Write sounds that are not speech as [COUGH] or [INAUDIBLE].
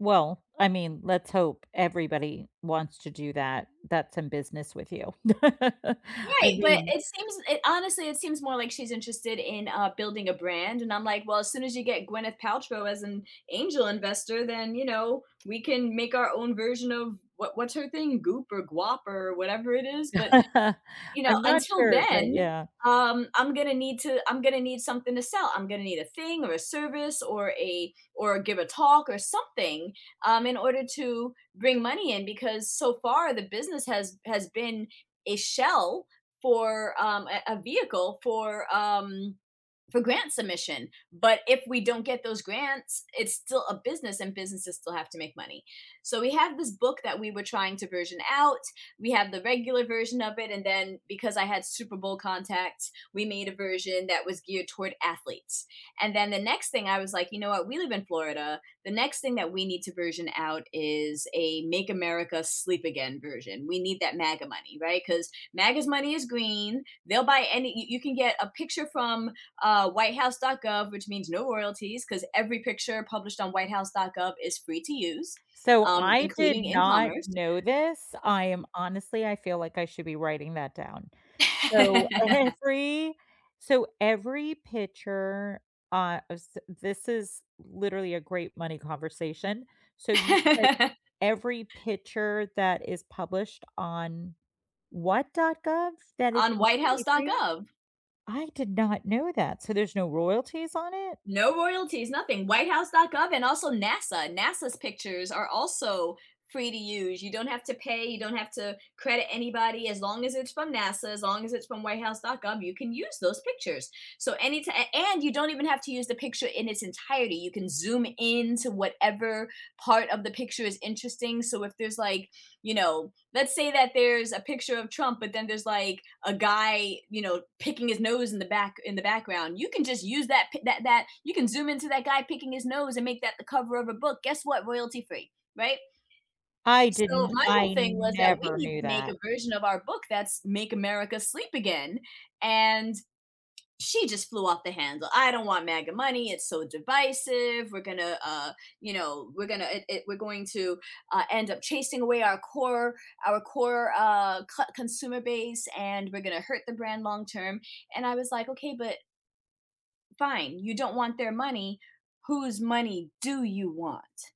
Well, I mean, let's hope everybody wants to do that. That's in business with you. [CHUCKLES] I Right, but mean it seems it honestly, it seems more like she's interested in, uh, building a brand, and I'm like, "Well, as soon as you get Gwyneth Paltrow as an angel investor, then, you know, we can make our own version of what what's her thing, Goop or Guap or whatever it is, but, [CHUCKLES] you know, I'm not until sure, but then, yeah. um, I'm gonna need to I'm gonna need something to sell. I'm gonna need a thing or a service or a or give a talk or something, um, in order to bring money in because so far, the business has has been a shell for, um, a a vehicle for, um, for grant submission. But if we don't get those grants, it's still a business and businesses still have to make money." So, we have this book that we were trying to version out. We have the regular version of it, and then because I had Super Bowl contacts, we made a version that was geared toward athletes. And then the next thing I was like, "You know what? We live in Florida. The next thing that we need to version out is a 'make America sleep again' version." We need that MAGA money, right? 'Cause MAGA's money is green. They'll buy any y you can get a picture from, uh, whitehouse.gov, which means no royalties 'cause every picture published on whitehouse.gov is free to use, So, um, I including did in not commerce know this. I am honestly I feel like I should be writing that down. So, [LAUGHS] every so every picture, uh, s this is literally a great money conversation. So, you said [LAUGHS] every picture that is published on what dot gov that is On completely free? whitehouse.gov. I did not know that. So, there's no royalties on it? No royalties. Nothing. Whitehouse.gov and also NASA. NASA's pictures are also free to use. You don't have to pay; you don't have to credit anybody. As long as it's from NASA, as long as it's from whitehouse.gov, you can use those pictures. So, any ti a and you don't even have to use the picture in its entirety. You can zoom in to whatever part of the picture is interesting, so if there's, like, you know let's say that there's a picture of Trump, but then there's, like, a guy, you know, picking his nose in the back in the background. You can just use that pic that that you can zoom into that guy picking his nose and make that the cover of a book. Guess what? Royalty free, right? I So, didn't my whole I thing was that we never need to knew make that. a version of our book that's, "Make America Sleep Again." And she just flew off the handle, "I don't want MAGA money. It's so divisive. We're gonna, uh, you know, we're gonna i i we're going to, uh, end up chasing away our core our core, uh, co consumer base, and we're gonna hurt the brand long term." And I was like, "Okay, but" fine. You don't want their money. Whose money do you want?